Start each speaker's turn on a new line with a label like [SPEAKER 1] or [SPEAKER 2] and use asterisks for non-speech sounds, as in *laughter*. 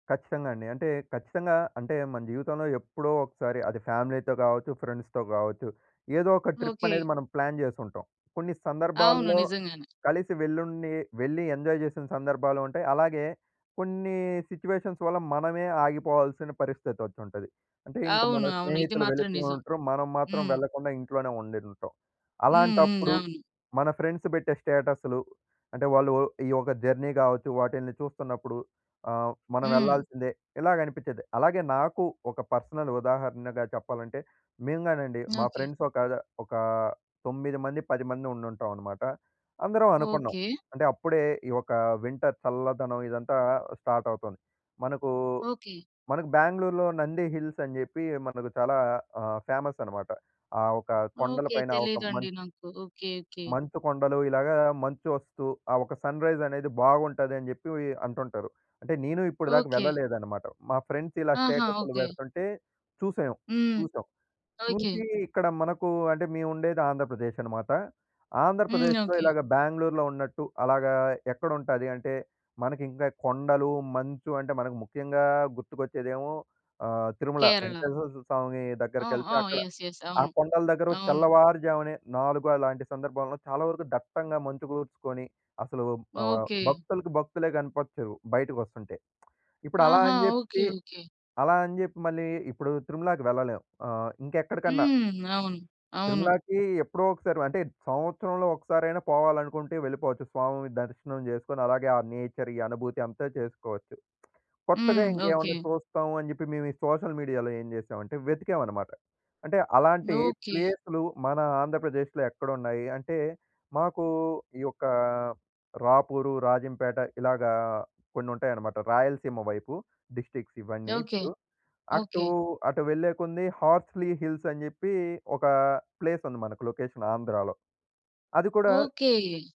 [SPEAKER 1] ఖచ్చితంగా అండి. అంటే ఖచ్చితంగా అంటే, మన జీవితంలో ఎప్పుడో ఒకసారి అది ఫ్యామిలీ‌తో కావచ్చు, ఫ్రెండ్స్‌తో కావచ్చు. ఏదో ఒక ట్రిప్
[SPEAKER 2] ఓకె.
[SPEAKER 1] అనేది మనం ప్లాన్ చేసుంటాం. కొన్ని
[SPEAKER 2] అవును.
[SPEAKER 1] సందర్భాల్లో
[SPEAKER 2] నిజంగానే.
[SPEAKER 1] కలిసి వెళ్లుండి వెళ్లి ఎంజాయ్ చేసిన సందర్భాలుంటాయి. అలాగే కొన్ని సిట్యుయేషన్స్ వల్ల మనమే ఆగిపోవాల్సిన పరిస్థితి వచ్చుంటది. అంటే ఇంక మన
[SPEAKER 2] అవును. అవును. ఇది
[SPEAKER 1] స్నేహితులు
[SPEAKER 2] మాత్రం
[SPEAKER 1] వెలిపోయి
[SPEAKER 2] నిజం.
[SPEAKER 1] ఉంటారు. మనం మాత్రం
[SPEAKER 2] హ్మ్.
[SPEAKER 1] వెళ్ళకుండా ఇంట్లోనే ఉండి ఉంటాం.
[SPEAKER 2] హుహు.
[SPEAKER 1] అలాంటప్పుడు
[SPEAKER 2] అవును.
[SPEAKER 1] మన ఫ్రెండ్స్ పెట్టే స్టేటస్లు అంటే వాళ్ళు ఒ ఈ యొక్క జర్నీ కావచ్చు, వాటిల్ని చూస్తున్నప్పుడు. ఆహ్, మనం
[SPEAKER 2] హ్మ్.
[SPEAKER 1] వెళ్ళాల్సిందే ఇలాగనిపించేది. అలాగే నాకు ఒక పర్సనల్ ఉదాహరణగా చెప్పాలంటే, మేము గానండి మా
[SPEAKER 2] ఓకె.
[SPEAKER 1] ఫ్రెండ్స్ ఒక ఒక తొమ్మిది మంది, 10 మంది ఉండుంటామన్నమాట. అందరం అనుకున్నాం.
[SPEAKER 2] ఓకె.
[SPEAKER 1] అంటే అప్పుడే ఈ యొక్క వింటర్ చల్లదనం ఇదంతా స్టార్ట్ అవుతుంది. మనకు
[SPEAKER 2] ఓకె.
[SPEAKER 1] మనకు బెంగుళూరులో నంది హిల్స్ అని చెప్పి మనకు చాలా ఆహ్, ఫేమస్ అనమాట. ఆ ఒక కొండల
[SPEAKER 2] ఓకె.
[SPEAKER 1] పైన ఒక మం
[SPEAKER 2] తెలీదండి నాకు, ఓకె, ఓకె.
[SPEAKER 1] మంచు కొండలు ఇలాగ మంచు వస్తు, ఆ ఒక సన్రైజ్ అనేది బాగుంటదని చెప్పి ఇ అంటుంటారు. అంటే నేను ఇప్పటి దాకా
[SPEAKER 2] ఓకె.
[SPEAKER 1] వెళ్ళలేదనమాట. మా ఫ్రెండ్స్ ఇలా
[SPEAKER 2] ఆహా!
[SPEAKER 1] స్టేటస్లు
[SPEAKER 2] ఓకె.
[SPEAKER 1] పెడుతుంటే చూసాం,
[SPEAKER 2] హ్మ్.
[SPEAKER 1] చూసాం.
[SPEAKER 2] ఓకె.
[SPEAKER 1] చూసి ఇక్కడ మనకు అంటే మేము ఉండేది ఆంధ్రప్రదేశ్ అనమాట.
[SPEAKER 2] హ్మ్.
[SPEAKER 1] ఆంధ్రప్రదేశ్‌లో
[SPEAKER 2] ఓకె.
[SPEAKER 1] ఇలాగ బెంగుళూరులో ఉన్నట్టు అలాగా ఎక్కడుంటది అంటే మనకి ఇంకా కొండలు, మంచు అంటే మనకు ముఖ్యంగా గుర్తుకొచ్చేదేమో ఆహ్, తిరుమల
[SPEAKER 2] కేరళ.
[SPEAKER 1] వెంకటేశ్వర స్వామి
[SPEAKER 2] ఆ!
[SPEAKER 1] దగ్గరకెళ్తే
[SPEAKER 2] ఆ!
[SPEAKER 1] అక్కడ
[SPEAKER 2] యెస్, యెస్.
[SPEAKER 1] ఆ
[SPEAKER 2] అవును.
[SPEAKER 1] కొండల దగ్గర
[SPEAKER 2] అవును.
[SPEAKER 1] తెల్లవారుజామునే 4 అలాంటి సందర్భాల్లో చాలా వరకు దట్టంగా మంచుకూర్చుకొని అసలు ఆహ్,
[SPEAKER 2] ఓకె.
[SPEAKER 1] భక్తులకు భక్తులే కనపచ్చారు, బయటకొస్తుంటే *smacks lips* ఇప్పుడు అలా
[SPEAKER 2] ఆహా!
[SPEAKER 1] అని
[SPEAKER 2] ఓకె.
[SPEAKER 1] చెప్పి,
[SPEAKER 2] ఓకె.
[SPEAKER 1] అలా అని చెప్పి మళ్ళీ ఇప్పుడు తిరుమలాకి వెళ్ళలేము. ఆహ్, ఇంకా ఎక్కడికన్నా.
[SPEAKER 2] హ్మ్. అవును. అవును.
[SPEAKER 1] తిరుమలాకి ఎప్పుడో ఒకసారి అంటే సంవత్సరంలో ఒక్కసారైనా పోవాలనుకుంటే వెళ్ళిపోవచ్చు. స్వామి దర్శనం చేసుకొని అలాగే ఆ నేచర్ ఈ అనుభూతి అంతా చేసుకోవచ్చు. కొత్తగా
[SPEAKER 2] హ్మ్. ఓకె.
[SPEAKER 1] ఇంకేమైనా చూస్తాం అని చెప్పి, మేము ఈ సోషల్ మీడియా‌లో ఏం చేసామంటే వెతికామన్నమాట. అంటే అలాంటి
[SPEAKER 2] ఓకె.
[SPEAKER 1] ప్లేసులు మన ఆంధ్రప్రదేశ్‌లో ఎక్కడున్నాయి? అంటే మాకు ఈ యొక్క రాపూరు, రాజంపేట ఇలాగ కొన్ని ఉంటాయన్నమాట. రాయలసీమ వైపు డిస్ట్రిక్ట్స్ ఇవన్నీ
[SPEAKER 2] ఓకె,
[SPEAKER 1] ఇప్పుడు అటు,
[SPEAKER 2] ఓకె.
[SPEAKER 1] అటు వెళ్ళేకొద్దీ హార్స్‌లి హిల్స్ అని చెప్పి, ఒక ప్లేస్ ఉంది మనకు లొకేషన్ ఆంధ్రాలో. అది కూడా
[SPEAKER 2] ఓకె.